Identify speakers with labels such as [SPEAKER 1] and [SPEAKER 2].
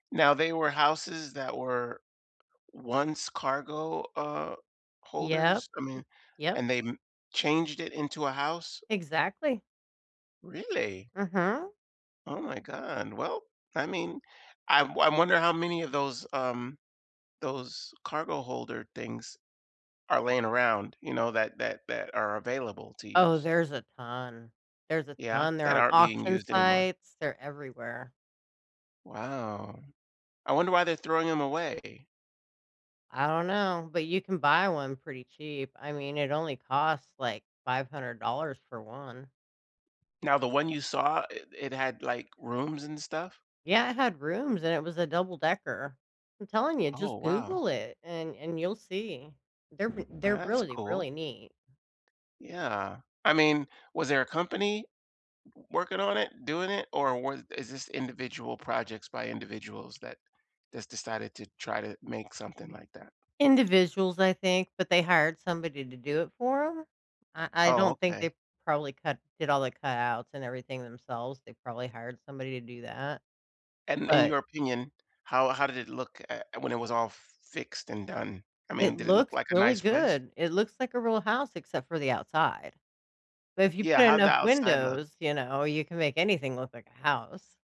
[SPEAKER 1] Now, they were houses that were once cargo, uh,
[SPEAKER 2] Yep.
[SPEAKER 1] holders? I mean
[SPEAKER 2] Yep.
[SPEAKER 1] and they m changed it into a house?
[SPEAKER 2] Exactly.
[SPEAKER 1] Really?
[SPEAKER 2] Uh-huh.
[SPEAKER 1] Oh my God. Well, I mean, I'm I wonder how many of those, um those cargo holder things are laying around, you know, that that that are available to
[SPEAKER 2] Oh,
[SPEAKER 1] use.
[SPEAKER 2] there's a ton. There's a
[SPEAKER 1] Yeah,
[SPEAKER 2] ton they're
[SPEAKER 1] that
[SPEAKER 2] on
[SPEAKER 1] aren't being
[SPEAKER 2] auction
[SPEAKER 1] used anymore.
[SPEAKER 2] sites, they're everywhere.
[SPEAKER 1] Wow. I wonder why they're throwing 'em away.
[SPEAKER 2] I don't know, but you can buy one pretty cheap. I mean, it only costs, like, $500 for 1.
[SPEAKER 1] Now, the one you saw, i it had, like, rooms and stuff?
[SPEAKER 2] Yeah, it had rooms, and it was a double decker. I'm telling you,
[SPEAKER 1] Oh,
[SPEAKER 2] just
[SPEAKER 1] wow.
[SPEAKER 2] Google it, and and you'll see. They're wi
[SPEAKER 1] Ah,
[SPEAKER 2] they're
[SPEAKER 1] that's
[SPEAKER 2] really,
[SPEAKER 1] cool.
[SPEAKER 2] really neat.
[SPEAKER 1] Yeah. I mean, was there a company w w working on it, doing it, or were is this individual projects by individuals that just decided to try to make something like that?
[SPEAKER 2] Individuals, I think, but they hired somebody to do it for 'em. Uh, I
[SPEAKER 1] Oh,
[SPEAKER 2] don't think
[SPEAKER 1] okay.
[SPEAKER 2] they probably cut did all the cutouts, and everything themselves, they probably hired somebody to do that.
[SPEAKER 1] And, in
[SPEAKER 2] But
[SPEAKER 1] your opinion, how how did it look, eh and when it was all f fixed and done? I mean,
[SPEAKER 2] It
[SPEAKER 1] did it look
[SPEAKER 2] looks
[SPEAKER 1] like a
[SPEAKER 2] really
[SPEAKER 1] nice place?
[SPEAKER 2] good. It looks like a real house, except for the outside. But if you
[SPEAKER 1] Yeah,
[SPEAKER 2] put
[SPEAKER 1] how'd the
[SPEAKER 2] enough
[SPEAKER 1] outside look?
[SPEAKER 2] windows, you know, you can make anything look like a house.